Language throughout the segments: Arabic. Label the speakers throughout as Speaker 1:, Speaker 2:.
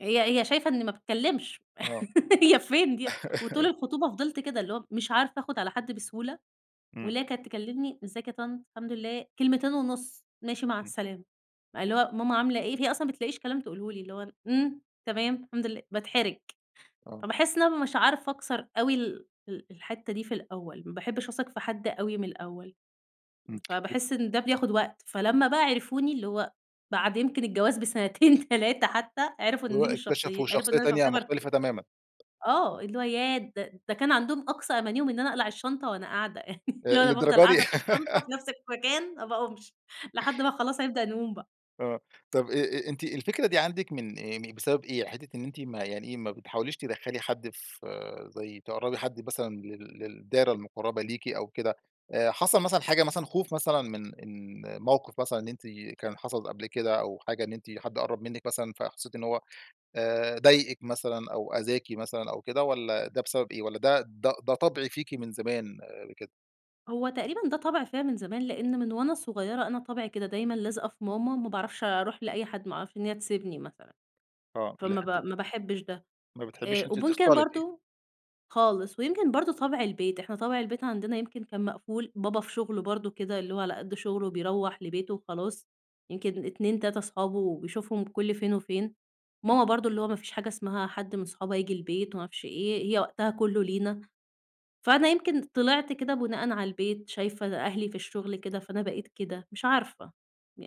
Speaker 1: هي هي شايفة إنّي ما باتكلمش،
Speaker 2: آه.
Speaker 1: هي فين دي؟ وطول الخطوبة فضلت كده، اللي هو مش عارفة آخد على حد بسهولة،
Speaker 2: إمم.
Speaker 1: واللي هي كانت تكلمني "ازيك يا طنط؟ الحمد لله." كلمتين ونص "ماشي، مع
Speaker 2: إمم.
Speaker 1: السلامة." اللي هو "ماما عاملة إيه؟" هي أصلًا ما بتلاقيش كلام تقول له لي، اللي هو "إمم، تمام، الحمد لله." باتحرج.
Speaker 2: آه.
Speaker 1: فباحس إن أنا مش عارفة أكسر أوي ال ال الحتّة دي في الأوّل، ما باحبش أثق في حد أوي من الأوّل.
Speaker 2: إمم، بت
Speaker 1: فباحس إن ده بياخد وقت فلما بقى عرفوني اللي هو بعد يمكن الجواز بسنتين، 3 حتّى عرفوا
Speaker 2: اللي
Speaker 1: إن
Speaker 2: هو
Speaker 1: دي مش
Speaker 2: اكتشفوا
Speaker 1: شخصي عرفوا
Speaker 2: شخصية
Speaker 1: إن
Speaker 2: تانية
Speaker 1: شخصيّة
Speaker 2: مختلفة
Speaker 1: فرفوشة
Speaker 2: تمامًا.
Speaker 1: آه، اللي هو ياه! ده ده كان عندهم أقصى أمانيهم إن أنا أقلع الشنطة وأنا قاعدة، اللي
Speaker 2: آآ،
Speaker 1: هو أنا بافضل
Speaker 2: للدرجة دي!
Speaker 1: قاعدة في الشنطة في نفس المكان ما باقومش لحد بقى خلاص هنبدأ نقوم بقى.
Speaker 2: آه، طب أ أ أنتِ الفكرة دي عندِك من أيّام إيه، بسبب إيه؟ حتّة إن أنتِ ما يعني إيه، ما بتحاوليش تدخلي حد ف زي تقربي حد مثلًا لل للدايرة المقربة ليكِ أو كده، حصل مثلًا حاجة مثلًا خوف مثلًا من من موقف مثلًا إن أنتِ كان حصل قبل كده أو حاجة إن أنتِ حد قرب منِك مثلًا، فحسيتِ إنّه هو آآ ضايقِك مثلًا أو أذاكِ مثلًا أو كده، والَّا ده بسبب إيه؟ والَّا ده ده ده طبع فيكِ من زمان كده؟
Speaker 1: هو تقريبًا ده طبع فيّ من زمان، لإن من وأنا صغيّرة أنا طبعي كده دايمًا لازقة في ماما ما باعرفش أروح لأي حد، ما أعرفش إن هي تسيبني مثلًا،
Speaker 2: آه،
Speaker 1: فما
Speaker 2: الحتة
Speaker 1: ب ما باحبش ده،
Speaker 2: ما بتحبيش
Speaker 1: آآ،
Speaker 2: أنتِ
Speaker 1: وممكن
Speaker 2: تختلطي.
Speaker 1: برضو خالص ويمكن برضو طبع البيت، إحنا طبع البيت عندنا يمكن كان مقفول، بابا في شغله برضو كده اللي هو على قد شغله بيروح لبيته وخلاص، يمكن 2، 3 أصحابه بيشوفهم كل فين وفين. ماما برضو اللي هو ما فيش حاجة اسمها حد من صحابها ييجي البيت وما عرفش إيه ،هي وقتها كلّه لينا. فأنا يمكن طلعت كده بُناءً على البيت، شايفة أهلي في الشغل كده، فأنا بقيت كده مش عارفة،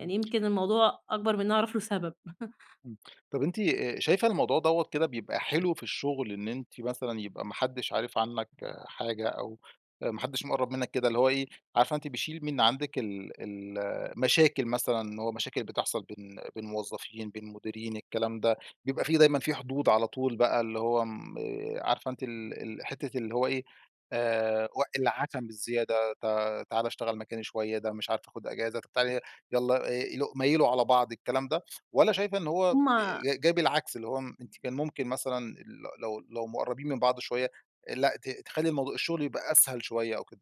Speaker 2: إمم.
Speaker 1: يمكن الموضوع أكبر من إن أنا أعرف له سبب.
Speaker 2: إمم، طب أنتِ، آآ شايفة الموضوع دوَّة كده بيبقى حلو في الشغل، إن أنتِ مثلًا يبقى ما حدش عارف عنك حاجة أو آآ، ما حدش مقرب منّك كده، اللي هو إيه عارفة أنتِ بيشيل من عندِك ال ال المشاكل مثلًا إن هو مشاكل بتحصل بين بين موظفين، بين مديرين، الكلام ده، بيبقى في دايمًا في حدود على طول بقى اللي هو آمم عارفة أنتِ ال ال حتّة اللي هو إيه، آآ وق العشم الزيادة ت تعالَ اشتغل مكاني شويّة، ده مش عارفة آخد أجازة طب تعالي يلَّا إ ميل ميلوا على بعض، الكلام ده، والَّا شايفة إن هو أ
Speaker 1: هم
Speaker 2: ج جاي بالعكس، اللي هو م أنتِ كان ممكن مثلًا ل لو لو مقربين من بعض شويّة آآ، لا ت تخلي الموضوع الشغل يبقى أسهل شويّة أو كده؟